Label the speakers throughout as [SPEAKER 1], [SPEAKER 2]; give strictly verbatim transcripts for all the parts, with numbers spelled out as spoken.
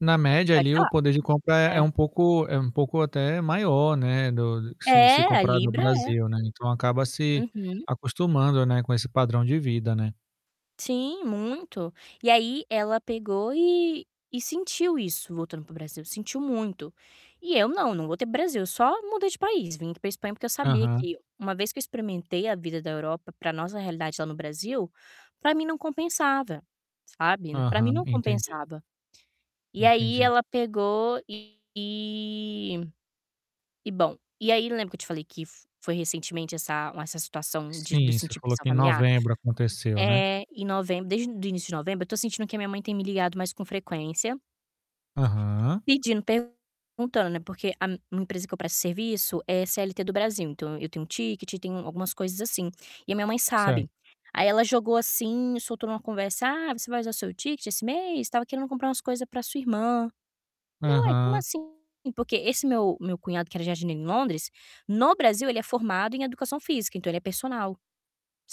[SPEAKER 1] Na média
[SPEAKER 2] Pode
[SPEAKER 1] ali o
[SPEAKER 2] falar.
[SPEAKER 1] poder de compra é é
[SPEAKER 2] É.
[SPEAKER 1] um pouco é um pouco até maior, né, do se se
[SPEAKER 2] É, a
[SPEAKER 1] comparado ao
[SPEAKER 2] libra é.
[SPEAKER 1] Brasil, né. Então, acaba se
[SPEAKER 2] Uhum.
[SPEAKER 1] acostumando, né, com esse padrão de vida, né.
[SPEAKER 2] Sim, muito. E aí ela pegou e e sentiu isso voltando pro Brasil, sentiu muito. E eu não, não voltei pro Brasil, eu só mudei de país, vim aqui pra Espanha, porque eu sabia
[SPEAKER 1] Aham.
[SPEAKER 2] que uma vez que eu experimentei a vida da Europa, pra nossa realidade lá no Brasil, pra mim não compensava, sabe. Pra mim
[SPEAKER 1] Aham,
[SPEAKER 2] não
[SPEAKER 1] entendi.
[SPEAKER 2] compensava, e aí
[SPEAKER 1] Entendi.
[SPEAKER 2] ela pegou e e bom, e aí lembra que eu te falei que f foi recentemente essa uma essa situação de do
[SPEAKER 1] Sim, você
[SPEAKER 2] sentir
[SPEAKER 1] falou
[SPEAKER 2] pressão
[SPEAKER 1] que em
[SPEAKER 2] familiar?
[SPEAKER 1] novembro aconteceu, né?
[SPEAKER 2] Eh, em novembro desde do início de novembro, eu tô sentindo que a minha mãe tem me ligado mais com frequência
[SPEAKER 1] Aham.
[SPEAKER 2] pedindo, perguntando, né, porque a m a empresa que eu presto serviço é CLT do Brasil, então eu tenho ticket, tenho algumas coisas assim, e a minha mãe
[SPEAKER 1] Certo.
[SPEAKER 2] sabe. Aí ela jogou assim, soltou numa conversa: "Ah, você vai usar seu ticket esse mês? Tava querendo comprar umas coisas pra sua irmã". Falei: "Ué, como
[SPEAKER 1] Aham.
[SPEAKER 2] assim?", porque esse meu meu cunhado, que era jardineiro em Londres, no Brasil, ele é formado em Educação Física, então, ele é personal,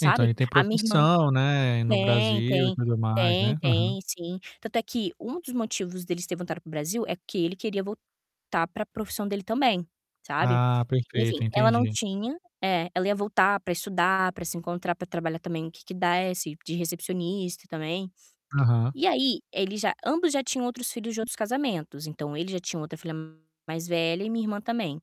[SPEAKER 1] Então, ele tem
[SPEAKER 2] A minha irmã
[SPEAKER 1] profissão, né, no
[SPEAKER 2] tem,
[SPEAKER 1] Brasil e
[SPEAKER 2] tem,
[SPEAKER 1] tudo mais,
[SPEAKER 2] tem,
[SPEAKER 1] né. Uhum.
[SPEAKER 2] tem sim, tanto é que um dos motivos deles ter voltado pro Brasil é que ele queria voltar pra profissão dele também, sabe.
[SPEAKER 1] Ah,
[SPEAKER 2] Enfim,
[SPEAKER 1] perfeito,
[SPEAKER 2] ela não
[SPEAKER 1] entendi.
[SPEAKER 2] tinha é, ela ia voltar pra estudar, pra se encontrar, pra trabalhar também no que que desse, de recepcionista também.
[SPEAKER 1] Aham.
[SPEAKER 2] E aí, eles já ambos já tinham outros filhos de outros casamentos, então, ele já tinha outra filha mais velha e minha irmã também.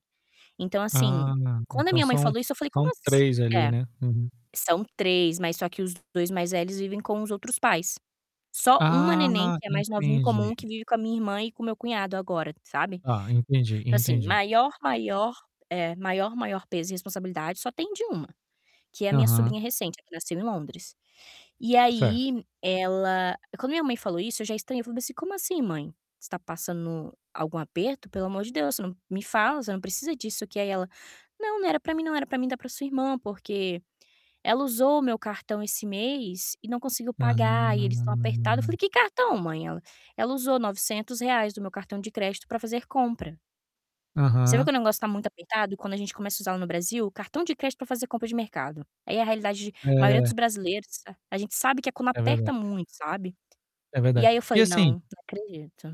[SPEAKER 2] Então, assim,
[SPEAKER 1] Ah,
[SPEAKER 2] quando a
[SPEAKER 1] então,
[SPEAKER 2] minha mãe
[SPEAKER 1] são
[SPEAKER 2] falou isso, eu falei: "Como
[SPEAKER 1] são
[SPEAKER 2] ass"
[SPEAKER 1] três ali,
[SPEAKER 2] é,
[SPEAKER 1] né? Uhum.
[SPEAKER 2] são três, mas só que os dois mais velhos vivem com os outros pais, só uma neném,
[SPEAKER 1] Ah,
[SPEAKER 2] que é mais novinha em comum,
[SPEAKER 1] entendi.
[SPEAKER 2] que vive com a minha irmã e com meu cunhado agora, sabe.
[SPEAKER 1] Tá, entendi,
[SPEAKER 2] Então, assim,
[SPEAKER 1] entendi.
[SPEAKER 2] maior, maior é, maior, maior peso e responsabilidade só tem de uma, que é a minha
[SPEAKER 1] Aham.
[SPEAKER 2] sobrinha recente, a que nasceu em Londres. E
[SPEAKER 1] Certo.
[SPEAKER 2] aí ela quando minha mãe falou isso, eu já estranhei, eu falei assim: "Como assim, mãe? Você tá passando algum aperto? Pelo amor de Deus, n me fala, você não precisa disso", que aí ela: "Não, não era pra mim, não era pra mim, era pra sua irmã, porque ela usou o meu cartão esse mês e não conseguiu pagar e eles tão apertado", eu falei:
[SPEAKER 1] Hum.
[SPEAKER 2] "Que cartão, mãe?". Ela: "Ela usou novecentos reais do meu cartão de crédito pra fazer compra". Você vê que
[SPEAKER 1] Aham.
[SPEAKER 2] o negócio tá muito apertado quando a gente começa a usar no Brasil o cartão de crédito pra fazer compra de mercado. Aí é a realidade de maioria
[SPEAKER 1] É.
[SPEAKER 2] dos brasileiros, a gente sabe que é quando
[SPEAKER 1] É
[SPEAKER 2] aperta
[SPEAKER 1] verdade.
[SPEAKER 2] muito, sabe,
[SPEAKER 1] É
[SPEAKER 2] e
[SPEAKER 1] verdade.
[SPEAKER 2] aí eu
[SPEAKER 1] E
[SPEAKER 2] falei: "Não, não
[SPEAKER 1] assim
[SPEAKER 2] acredito".